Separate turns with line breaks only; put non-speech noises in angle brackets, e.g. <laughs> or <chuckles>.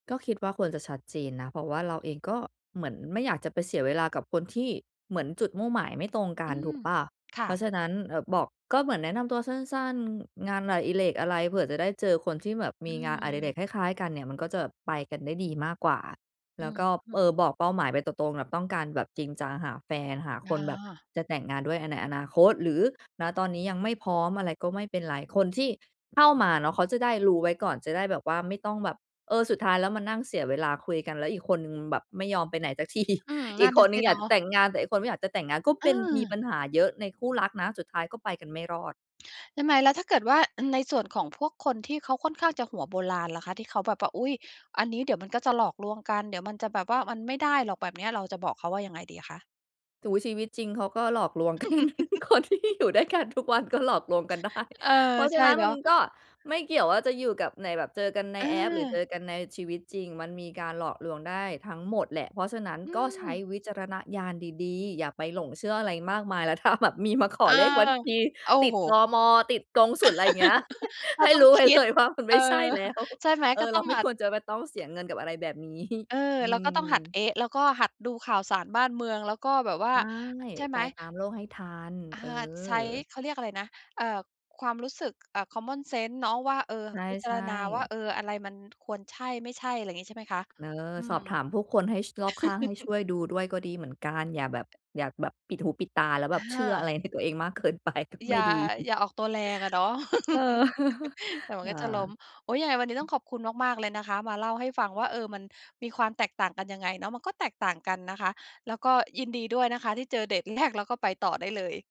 ก็คิดว่าควรจะชัดเจนนะ เพราะว่าเราเอง ก็เหมือนไม่อยากจะไปเสียเวลา กับคนที่เหมือนจุดมุ่งหมายไม่ตรงกั
อื
น ถู
ม
กเปล่า?
ค่
เพราะ
ะ
ฉะนั้น เอ่อ บอก ก็เหมือนแนะนำตัวสั้น ๆ งานอดิเรกอะไร? เผื่อจะได้เจอคนที่แบบ
อ
ม
ื
ีงานอดิเรก
ม
คล้าย ๆ กันเนี่ย มันก็จะแบบไปกันได้ดีมากกว่า
อ
แ
ื
ล้ว
อ
ก็
ฮึ
เอ่อ บอกเป้าหมายไปตรง ๆ แบบต้องการแบบจริงจัง หาแฟน หาค
อ
นแบบ
า
จะแต่งงานด้วย อ ในอนาคต หรือ ณ ตอนนี้ยังไม่พร้อม อะไรก็ไม่เป็นไร คนที่เข้ามาเนาะ เขาจะได้รู้ไว้ก่อน จะได้แบบว่าไม่ต้องแบบ เออ สุดท้ายแล้วมานั่งเสียเวลาคุยกัน แล้วอีกคนหนึ่งแบบ ไม่ยอมไปไหน สักที
อืม
อ
นั
ี
่
ก
น
ค
น่ะ
นห
ส
นึ่
ิ
งอ
เ
ย
น
า
า
กจะ
ะ
แต่งงาน แต่อีกคนไม่อยากจะแต่งงาน ก็เป็น มี
เออ
ปัญหาเยอะในคู่รักนะ สุดท้ายก็ไปกันไม่รอด
ใช่ไหม? แล้วถ้าเกิดว่า อ ในส่วนของพวกคนที่เขาค่อนข้างจะหัวโบราณล่ะคะ ที่เขาแบบว่า อุ๊ย! อันนี้เดี๋ยวมันก็จะหลอกลวงกัน เดี๋ยวมันจะแบบว่า มันไม่ได้หรอกแบบเนี้ย เราจะบอกเขาว่ายังไงดีอะคะ?
โอ้โฮ ชีวิตจริงเขาก็หลอกลวง กัน คนที่
<laughs>
อยู่ด้วยกันทุกวันก็หลอกลวงกันได้
เออ
เพราะ
ใ
ฉ
ช
ะ
่
นั้น
เน
ม
า
ั
ะ
นก็ไม่เกี่ยวว่าจะอยู่กับ ในแบบ เจอกันใน
อ
แอป หรือเจ
า
อกันในชีวิตจริง มันมีการหลอกลวงได้ทั้งหมดแหละ เพราะฉะนั้น
อื
ก็ใช้
ม
วิจารณญาณดี ๆ อย่าไปหลงเชื่ออะไรมากมาย แล้วถ้าแบบมีมาขอ
อา
เลขบัญชี
โอ้
ติด
โฮ
ตม. ติดกงศุล อะไรอย่างเงี้ย
<laughs> ก
ใ
็
ห้
ต้อ
ร
ง
ู้ไว
ค
้
ิ
เล
ด
ยว่ามันไ
เอ
ม่
อ
ใช่แล้ว
ใช่ไหม
เอ
ก็
อ เ
ต
ร
้
า
อง
ไม
ห
่
มั
ค
ด
วรจะไปต้องเสียเงินกับอะไรแบบ นี้
เออ
อื
เราก็ต้องหัด
ม
เอ๊ะ แล้วก็หัดดูข่าวสารบ้านเมือง แล้วก็แบบว่
ใ
า
ช่
ใช่ไ
ไ
หม?
ปตามโลกให้ทัน
อา
เออ
ใช้ เขาเรียกอะไรนะ เอ่อ ความรู้สึก อะ common sense เนาะว่า เออ
ใ
พิจา
ช
ร
่
ณาว่า
ๆ
เออ อะไรมัน ควรใช่ ไม่ใช่ อะไรอย่างงี้ใช่ไหมคะ?
เออ
อื
ส
ม
อบถามผู้คนให้ ช รอบข้างให้ช
<chuckles>
่วยดูด้วย ก็ดีเหมือนกัน อย่าแบบ อย่าแบบปิดหูปิดตา แล้วแบบ เช
อ
ื่ออะไร
า
ในตัวเองมากเกินไปก็
อ
ไม
ย
่
่า
ดี
อย่าออกตัวแรงอะเนาะ
เออ
<laughs>
<chuckles>
เดี๋ยวมั
ฮ
นก็จะล้ม
า
โอ๊ย ยังไงวันนี้ต้องขอบคุณมาก ๆ เลยนะคะ มาเล่าให้ฟังว่า เออ มันมีความแตกต่างกันยังไงเนาะ มันก็แตกต่างกันนะคะ แล้วก็ยินดีด้วยนะคะ ที่เจอเดตแรก แล้วก็ไปต่อได้เลย